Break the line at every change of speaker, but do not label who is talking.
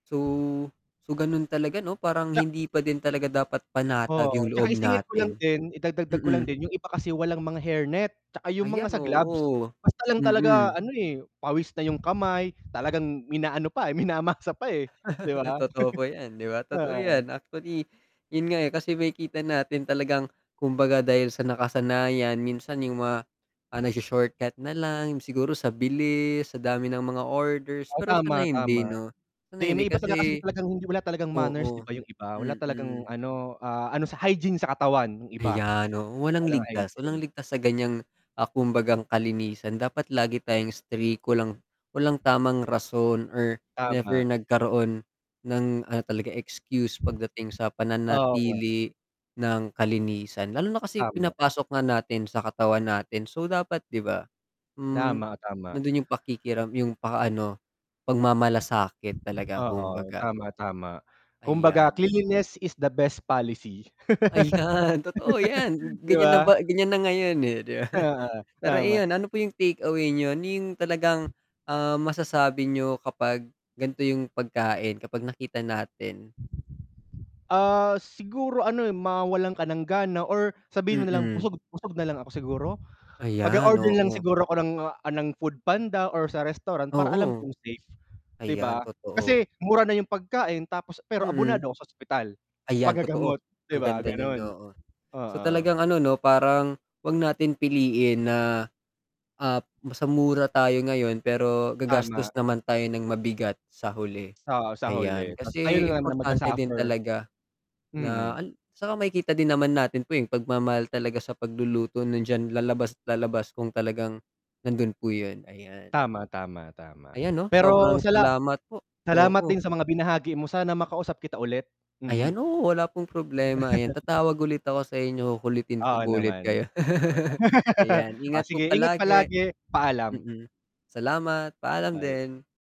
So so ganun talaga, 'no? Parang
Tsa
hindi pa din talaga dapat panatag yung
Oo,
loob
'tsaka isingit ko lang
natin.
din, idadagdag ko lang
Mm.
din yung iba kasi walang mga hair net, 'tsaka yung mga
Ayan,
sa gloves,
oo.
basta lang talaga
Mm.
ano, eh, pawis na yung kamay, talagang mina ano pa, minamasa pa, eh, 'di ba.
Totoo po 'yan, 'di ba? Totoo
Oo.
'yan. Actually, yun nga, eh, kasi makikita natin talagang, kumbaga dahil sa nakasanayan, minsan yung mga, ah, nagsho-shortcut na lang siguro sa bilis, sa dami ng mga orders,
Oh,
pero sana
tama,
hindi
tama,
'no, sana
'di
hindi
may iba talaga kasing
kasi
talagang wala talagang manners, 'di
oo,
ba, yung iba wala talagang
mm.
ano, ah, ano sa hygiene sa katawan yung iba,
Ayan, oo, walang
walang
ligtas, walang
hygiene.
ligtas sa ganiyang, ah, kumbagang kalinisan dapat lagi tayong strict, walang walang tamang rason or never
Tama.
nagkaroon ng ano talaga excuse pagdating sa
Oo.
pananatili ng kalinisan, lalo na kasi
Tama.
pinapasok nga natin sa katawan natin, so, dapat 'di ba. Hmm,
Tama, tama.
nandun yung pakikiram yung pa ano pagmamalasakit talaga,
Oo,
kumbaga.
tama, tama. Kumbaga,
Ayan.
cleanliness is the best policy.
Ayan totoo 'yan,
'Di
ganiyan na
ba?
ba ganiyan na ngayon, eh, 'di ba,
Oo,
pero
tama.
ayon ano po yung take away niyo yung talagang, ah, masasabi niyo kapag ganito yung pagkain, kapag nakita natin.
Ah, siguro ano mawalan ka ng gana or sabihin mo nalang
Mm.
busog busog nalang ako siguro,
Ayan,
mag-o-order na lang
oo.
siguro ako ng, ah, ng Food Panda or sa restaurant, para alam
Oo.
kong safe, 'di
Ayan
ba,
totoo.
kasi mura na yung pagkain tapos pero
Mm.
abonado ako sa ospital, sa
Ayan totoo,
pag-gagamot, 'di
ang
ba?
ganda nun,
Ganun,
oo. So,
oo.
talagang ano, 'no, parang 'wag natin piliin na, ah, sa mura tayo ngayon pero gagastos
Tama.
naman tayo ng mabigat sa huli,
Oo sa
ayan.
huli, ta's kayo
Kasi
lang naman ang
importante din
mag-su-suffer.
talaga na
Mm.
al 'saka makikita din naman natin po, eh, yung pagmamahal talaga sa pagluluto nandiyan lalabas at lalabas kung talagang nandun po yun, ayan.
Tama, tama, tama
Ayan, 'no, sobrang
pero sala
salamat po.
salamat
Oo.
din sa mga binahagi mo, sana makausap kita ulit.
Ayan.
Mm.
Oo, wala pong problema, ayan tatawag ulit ako sa inyo, kukulitin ko
Oo
po ulit kayo.
naman. Okey lang,
Ayan
oh,
ingat po
sige ingat
palagi.
palagi, paalam.
Mm, salamat paalam
Bye.
din.